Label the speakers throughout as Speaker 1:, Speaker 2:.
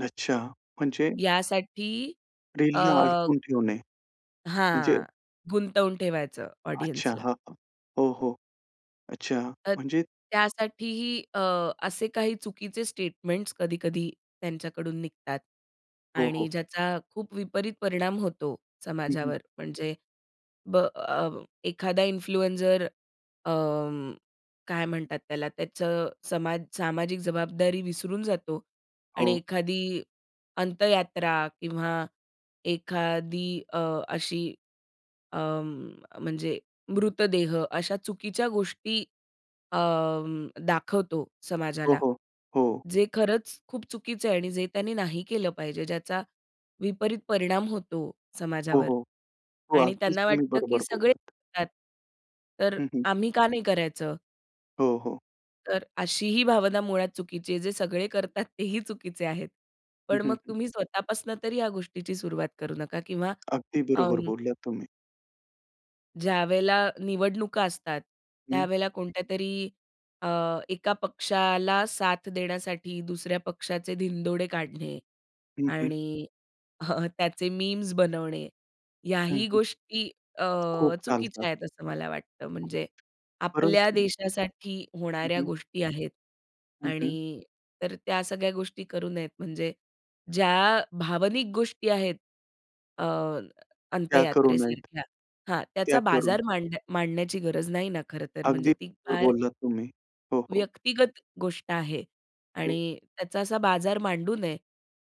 Speaker 1: अच्छा. म्हणजे
Speaker 2: यासाठी अ
Speaker 1: डेली अडकून ठेवणे, म्हणजे
Speaker 2: हां, गुंतवून ठेवायचं
Speaker 1: अच्छा.
Speaker 2: ऑडियन्सला.
Speaker 1: हां, हां. हो, हो. अच्छा,
Speaker 2: तर
Speaker 1: म्हणजे
Speaker 2: त्यासाठीही अ, असे काही चुकीचे स्टेटमेंट्स कधी-कधी त्यांच्याकडून निघतात
Speaker 1: हो,
Speaker 2: आणि
Speaker 1: हो.
Speaker 2: ज्याचा खूप विपरीत परिणाम होतो
Speaker 1: हं, हं.
Speaker 2: समाजावर. म्हणजे ब अ, एखादा इन्फ्लुएन्सर अं, काय म्हणतात त्याला, त्याचं समाज सामाजिक जबाबदारी विसरून जातो. आणि
Speaker 1: हो.
Speaker 2: एखादी अंत्ययात्रा किंवा एखादी अ, अशी अं, म्हणजे मृतदेह अशा चुकीच्या गोष्टी अं, दाखवतो
Speaker 1: हो,
Speaker 2: समाजाला.
Speaker 1: हो. हो.
Speaker 2: जे खरंच खूप चुकीचं आहे आणि जे त्यांनी नाही केलं पाहिजे, ज्याचा विपरीत परिणाम होतो
Speaker 1: हो,
Speaker 2: समाजावर.
Speaker 1: हो. हो,
Speaker 2: आणि
Speaker 1: अगदीच
Speaker 2: त्यांना
Speaker 1: तुम्ही
Speaker 2: वाटतं की
Speaker 1: बरोबर
Speaker 2: सगळे
Speaker 1: बोललात.
Speaker 2: करतात, तर
Speaker 1: हं, हं.
Speaker 2: अ, आम्ही का नाही करायचं?
Speaker 1: हो, हो.
Speaker 2: तर अशी ही भावना मुळात चुकीची आहे. जे सगळे करतात तेही चुकीचे आहेत.
Speaker 1: हं,
Speaker 2: पण
Speaker 1: हं,
Speaker 2: मग
Speaker 1: हं.
Speaker 2: तुम्ही स्वतःपासून तरी या गोष्टीची सुरुवात करू नका किंवा
Speaker 1: अगदी बरोबर
Speaker 2: अं
Speaker 1: बोलल्या तुम्ही.
Speaker 2: ज्यावेळेला निवडणुका असतात,
Speaker 1: हं.
Speaker 2: त्यावेळेला कोणत्यातरी अ, एका पक्षाला साथ देण्यासाठी दुसऱ्या पक्षाचे धिंदोडे काढणे
Speaker 1: हं, हं.
Speaker 2: आणि त्याचे मीम्स बनवणे.
Speaker 1: हं,
Speaker 2: ह्याही
Speaker 1: हं.
Speaker 2: गोष्टी अ,
Speaker 1: खूप
Speaker 2: चुकीच्या
Speaker 1: चालतात.
Speaker 2: आहेत, असं मला वाटतं. म्हणजे आपल्या
Speaker 1: परंतु
Speaker 2: देशासाठी
Speaker 1: हं,
Speaker 2: होणाऱ्या
Speaker 1: हं.
Speaker 2: गोष्टी आहेत
Speaker 1: हं, हं.
Speaker 2: आणि तर त्या सगळ्या गोष्टी करू नयेत. म्हणजे ज्या भावनिक गोष्टी आहेत अ,
Speaker 1: त्या करू नयेत.
Speaker 2: अंत्ययात्रेसारख्या हां.
Speaker 1: त्या
Speaker 2: त्याचा
Speaker 1: करून.
Speaker 2: बाजार मांड मांडण्याची गरज नाही ना, खरंतर.
Speaker 1: अगदी
Speaker 2: म्हणजे ती
Speaker 1: बरोबर
Speaker 2: फार
Speaker 1: बोललात तुम्ही. हो, हो.
Speaker 2: व्यक्तिगत गोष्ट आहे
Speaker 1: हो.
Speaker 2: आणि त्याचा असा बाजार मांडू नये.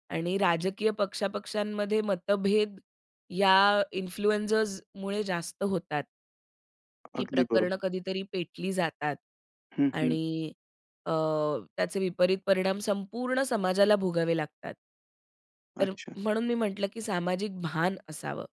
Speaker 2: आणि राजकीय पक्ष-पक्षांमध्ये मतभेद या इन्फ्लुएन्सर्समुळे जास्त होतात. की
Speaker 1: अगदी
Speaker 2: प्रकरणं
Speaker 1: बरोबर.
Speaker 2: कधीतरी पेटली जातात
Speaker 1: हं, हं.
Speaker 2: आणि अ, त्याचे विपरीत परिणाम संपूर्ण समाजाला भोगावे लागतात. तर
Speaker 1: अच्छा.
Speaker 2: म्हणून मी म्हटलं, की सामाजिक भान असावं.